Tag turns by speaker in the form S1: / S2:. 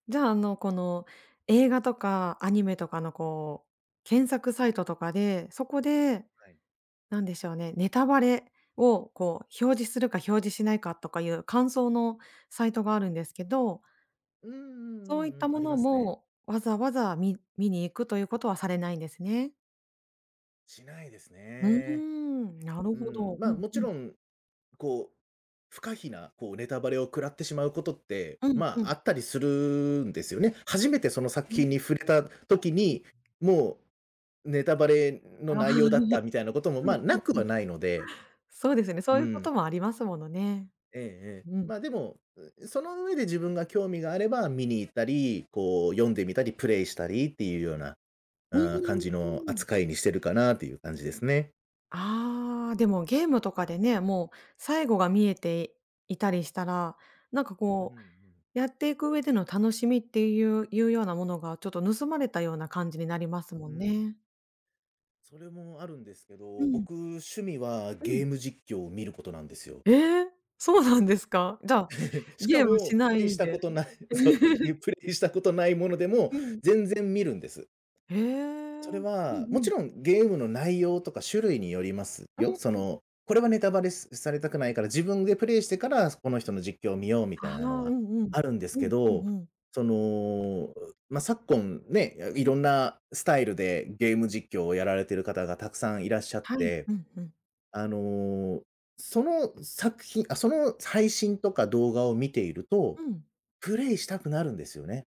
S1: じゃあ、あのこの映画とかアニメとかのこう、検索サイトとかで、そこで、
S2: はい。
S1: 何でしょうね、ネタバレをこう表示するか表示しないかとかいう感想のサイトがあるんですけど
S2: うんうん
S1: そう
S2: う
S1: いっ
S2: ん
S1: た
S2: うん、
S1: も
S2: あり
S1: の
S2: ますね。
S1: も、わざわざみ見に行くということはされないんですね？
S2: しないです
S1: うー
S2: ね。
S1: ん、なる
S2: うー
S1: ほ
S2: ん、
S1: ど。う
S2: ま、
S1: んう
S2: 勿
S1: ん。
S2: 論、こう、不可避なこうネタバレを食らってしまうことって、
S1: うんう
S2: まあ、
S1: ん。
S2: あったりするんですよね。初めてその作
S1: うん。うん。はい、
S2: 品に触れた時
S1: うん。
S2: に、もう、ネタバレ
S1: あ
S2: の
S1: あ。
S2: 内容
S1: う
S2: だった
S1: ん
S2: みたいなことも、ま、
S1: う
S2: 無
S1: ん
S2: く
S1: うん。
S2: はないので
S1: そうですね、そう
S2: う
S1: いうこと
S2: ん。
S1: もありますものね。
S2: ええええ。
S1: うん。
S2: まあでも、うう、その上で自分が興味があれば見に行ったり、こう、読んでみたり、プレイしたりっていうような、
S1: う
S2: ああ感
S1: ー
S2: じの
S1: ん。
S2: 扱いにしてるかなという感じですね。
S1: ああ、でもゲームとかでね、もう最後が見えていたりしたら、なんか
S2: うんう
S1: こ
S2: ん。
S1: うやっていく上での楽しみっていういうようなものがちょっと盗まれたような感じになりますも
S2: う
S1: ん
S2: ん。
S1: ね。
S2: それもあるんですけ
S1: う
S2: ど、
S1: ん。
S2: 僕趣味は
S1: うん。
S2: ゲーム実況を見ることなんですよ。
S1: ええ？そうなんですか？じゃあ、
S2: しか
S1: ゲームし
S2: も、プ
S1: な
S2: レイし
S1: い
S2: た
S1: で。
S2: ことない、そう、ゆプレイしたことないものでも
S1: うん。
S2: 全然見るんです。
S1: へえ。う
S2: それ
S1: んう
S2: は、もち
S1: ん。
S2: ろんゲームの内容とか、種類によります
S1: ああ、
S2: よ。そ
S1: そう。
S2: の、これはネタバレすされたくないから、自分でプレイしてから、すこの人の実況を見よう、み
S1: あ
S2: たいなの
S1: は、う
S2: は
S1: んうん。
S2: あるんです
S1: うん、
S2: け
S1: うん
S2: ど、
S1: うん。
S2: その、おま、昨今、ね、やい
S1: うん。
S2: ろんなスタイルでゲーム実況をやられてる方が沢山いらっしゃっ
S1: はい、
S2: て、
S1: うんふん。
S2: あの、その作品、あ、その配信とか動画を見ていると、
S1: うん。
S2: プレイしたくなるんですよね。